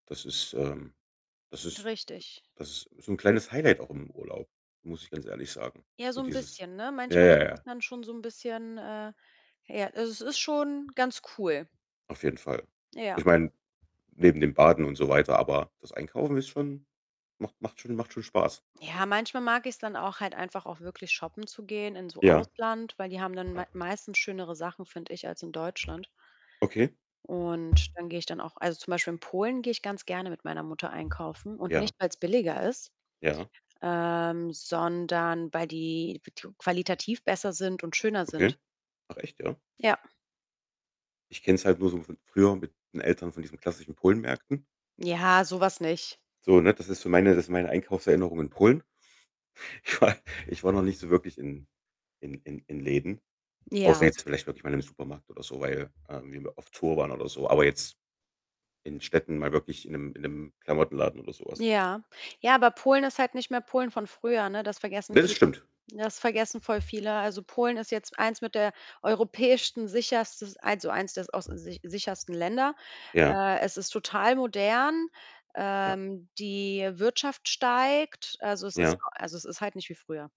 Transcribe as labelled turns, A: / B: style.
A: Das ist ähm, das
B: D
A: ist d
B: richtig.
A: das ist so 'n kleines Highlight auch im Urlaub, muss ich ganz ehrlich sagen.
B: Ja,
A: So,
B: so 'n
A: dieses
B: bisschen, ne?
A: ja,
B: Manchmal
A: ja,
B: kommt das
A: ja.
B: dann schon so 'n bisschen, äh ja, also, es ist schon ganz cool.
A: Auf jeden Fall.
B: Ja.
A: Ich meine, neben dem Baden und so weiter, aber das Einkaufen ist schon macht macht schon macht schon Spaß.
B: Ja, manchmal mag ich's dann auch halt einfach auch wirklich shoppen zu gehen in so
A: Ja.
B: Ausland, weil die haben dann mei meistens schönere Sachen, finde ich, als in Deutschland.
A: Okay.
B: Und dann gehe ich dann auch also, zum Beispiel in Polen gehe ich ganz gerne mit meiner Mutter einkaufen und
A: Ja. Ja.
B: nicht, weil's billiger ist,
A: Ja.
B: ähm, sondern weil die [unintelligible] qualitativ besser sind und schöner sind.
A: Okay. Ach, echt, ja?
B: Ja.
A: Ich kenn's halt nur so von früher mit 'n Eltern von diesen klassischen Polenmärkten.
B: Ja, so was nicht.
A: So, ne, das ist so meine das ist meine Einkaufserinnerung in Polen. Ich war ich war noch nicht so wirklich in in in in Läden, außer
B: Ja.
A: jetzt vielleicht wirklich mal im Supermarkt oder so, weil, ähm, wir immer auf Tour waren oder so. Aber jetzt in Städten mal wirklich in 'nem in 'nem Klamottenladen oder so was.
B: Ja. Ja, aber Polen ist halt nicht mehr Polen von früher, ne? Das vergessen
A: Ne, das
B: viele.
A: stimmt!
B: Ja, das vergessen voll viele. Also, Polen ist jetzt eins mit der europäischsten sicherstes eins o eins der aus der sicher sichersten Länder.
A: Ja.
B: Äh, es ist total modern.
A: Ja.
B: Ähm, die Wirtschaft steigt. Also, es ist
A: Ja.
B: also, es ist halt nicht wie früher.